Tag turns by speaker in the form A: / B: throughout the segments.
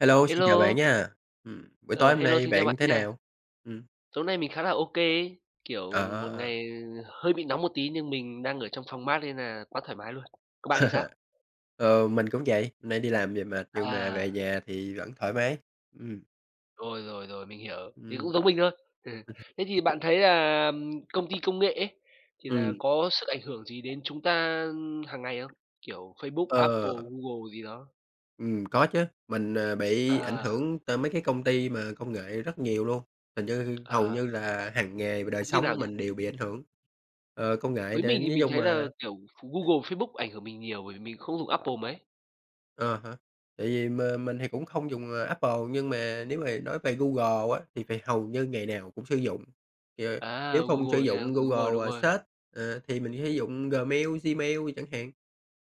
A: Hello, xin chào bạn
B: Hello.
A: nha! Ừm, buổi
B: Ờ,
A: tối hôm
B: hello,
A: nay
B: xin chào
A: bạn
B: bạn
A: thế
B: nha.
A: nào? Ừm.
B: Tối nay mình khá là OK ấy, kiểu, một
A: À!
B: ngày hơi bị nóng một tí nhưng mình đang ở trong phòng mát nên là quá thoải mái luôn. Còn bạn thì sao?
A: Ờ, mình cũng vậy, nay đi làm về mệt nhưng mà về
B: À!
A: nhà thì vẫn thoải mái, ừm.
B: Rồi, rồi, rồi, mình hiểu, thì
A: Ừm.
B: cũng giống mình thôi.
A: [unintelligible]
B: Thế thì bạn thấy là, ừm, công ty công nghệ ấy thì là
A: Ừm.
B: có sức ảnh hưởng gì đến chúng ta, ưm, hàng ngày không? Kiểu, Facebook, Apple,
A: Ờ.
B: Google gì đó.
A: Ừm, có chứ, mình, à, bị ảnh
B: À!
A: hưởng tờ mấy cái công ty mà công nghệ rất nhiều luôn, hình như hầu
B: Ờ.
A: như là hằng nghề và đời
B: Công ty
A: sống
B: nào
A: của
B: nhỉ?
A: mình đều bị ảnh hưởng, ờ, công nghệ
B: Với mình
A: đến
B: thì
A: dí
B: mình
A: chung
B: thấy là,
A: là
B: kiểu, Google, Facebook ảnh hưởng mình nhiều bởi vì mình không dùng Apple mấy.
A: Ờ há, tại vì m mình thì cũng không dùng, ờ, Apple nhưng mà nếu h nói về Google á thì phải hầu như ngày nào cũng sử dụng, thì, ờ,
B: À,
A: nếu không sử
B: Google nha,
A: dụng
B: đúng rồi, đúng
A: Google
B: rồi.
A: search, ờ, thì mình sử dụng Gmail Gmail chẳng hạn.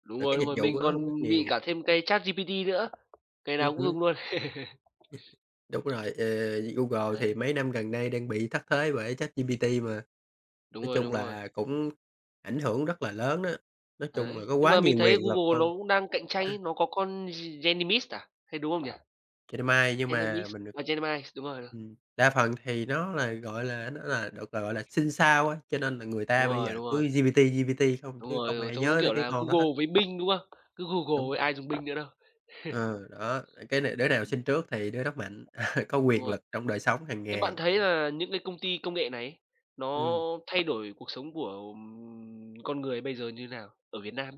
B: Đúng
A: Rồi
B: rồi,
A: cái
B: đúng
A: dịch
B: rồi,
A: vụ
B: mình
A: của nó
B: còn
A: cũng rất
B: bị
A: nhiều.
B: cả thêm cái ChatGPT nữa. Cái
A: Ừm
B: nào cũng
A: hứm.
B: dùng luôn.
A: [unintelligible] Đúng rồi, ờ, Google thì
B: Đấy.
A: mấy năm gần đây đang bị thất thế bởi ChatGPT mà.
B: Đúng
A: Nói
B: rồi,
A: chung
B: đúng rồi.
A: là cũng ảnh hưởng rất là lớn á, nói chung là
B: Đấy.
A: có
B: Nhưng
A: quá
B: mà mình
A: nhiều
B: thấy
A: quyền lực
B: Google
A: luôn.
B: lố cũng đang cạnh tranh ấy, nó có con G Geminis à, hay đúng không nhỉ?
A: Gemini, nhưng mà
B: Geminis,
A: mình được
B: à, Gemini, đúng rồi.
A: ừm, đa phần thì nó là, gọi là, nó là được, gọi là, sinh sau á, cho nên là người
B: Đúng
A: ta bây
B: rồi,
A: giờ
B: đúng rồi.
A: cứ GPT, GPT không
B: Đúng
A: chứ
B: rồi,
A: không ai
B: giống giống
A: nhớ tới
B: kiểu
A: cái
B: là,
A: con đó hết.
B: Google với Bing, đúng không? Cứ Google
A: Đúng
B: với
A: [unintelligible]
B: ai dùng Bing nữa đâu.
A: Ừ, đó, ờ, cái này đứa nào sinh
B: [unintelligible]
A: trước thì đứa đó mạnh, có
B: Đúng
A: quyền
B: rồi.
A: lực trong đời sống hàng
B: Thế bạn
A: ngày, đó.
B: thấy là những cái công ty công nghệ này ấy nó
A: Ừm.
B: thay đổi cuộc sống của con người bây giờ như thế nào, ở Việt Nam?